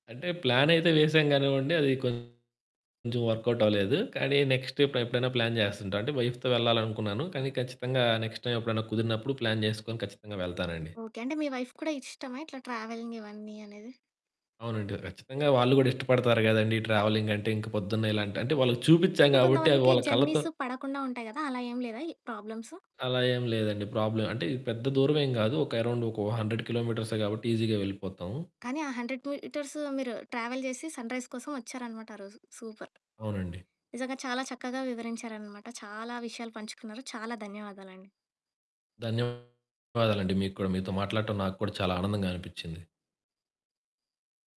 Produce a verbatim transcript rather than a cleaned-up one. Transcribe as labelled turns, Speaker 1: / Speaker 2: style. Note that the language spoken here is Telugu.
Speaker 1: అంటే, ప్లానయితే వేసాం గానివ్వండి. అదీ కొంచెం వర్కౌటవలేదు, కానీ నెక్స్ట్ ఎప్పు ఎప్పుడైనా ప్లాన్ జేస్తంటా అంటే, వైఫ్‌తో వెళ్లాలనుకున్నాను, కానీ ఖచ్చితంగా నెక్స్ట్ టైమెప్పుడన్నా కుదిరినప్పుడు ప్లాన్ జేసుకొని ఖచ్చితంగా వెళ్తానండి.
Speaker 2: ఓకే. అంటే, మీ వైఫ్‌కి కూడా ఇష్టమా ఇట్లా ట్రావెలిగ్ ఇవన్నీ అనేది?
Speaker 1: అవునండి. ఖచ్చితంగా వాళ్ళు గూడా ఇష్టపడతారు గదండీ! ట్రావెలింగంటే. ఇంక పొద్దున్న ఇలాంటి అంటే, వాళ్ళకి చూపిచ్చ్చాం
Speaker 2: అంటే,
Speaker 1: గాబట్టి, అవి
Speaker 2: కొంతమందికి
Speaker 1: వాళ్ళ కళ్ళతో
Speaker 2: జర్నీసు పడకుండా ఉంటాయి గదా! అలా ఏం లేదా ఈ ప్రాబ్లమ్సు?
Speaker 1: అలా ఏం లేదండి ప్రాబ్లమ్. అంటే, ఇది పెద్ద దూరవేం గాదు. ఒక అరౌండొకొ హండ్రెడ్ కిలోమీటర్సే గాబట్టి ఈజీగా వెళ్ళిపోతాము.
Speaker 2: కానీ, ఆ హండ్రెడ్ మీటర్స్ మీరు ట్రావెల్ జేసి సన్‌రైజ్ కోసం ఒచ్చారనమాట ఆరోజు. సూపర్.
Speaker 1: అవునండి.
Speaker 2: నిజంగా చాలా చక్కగా వివరించారనమాట. చాలా విషయాలు పంచుకున్నారు. చాలా ధన్యవాదాలండి.
Speaker 1: ధన్యవాదాలండి. మీకు కూడా. మీతో మాట్లాడటం నాకు కూడా చాలా ఆనందంగా అనిపిచ్చింది.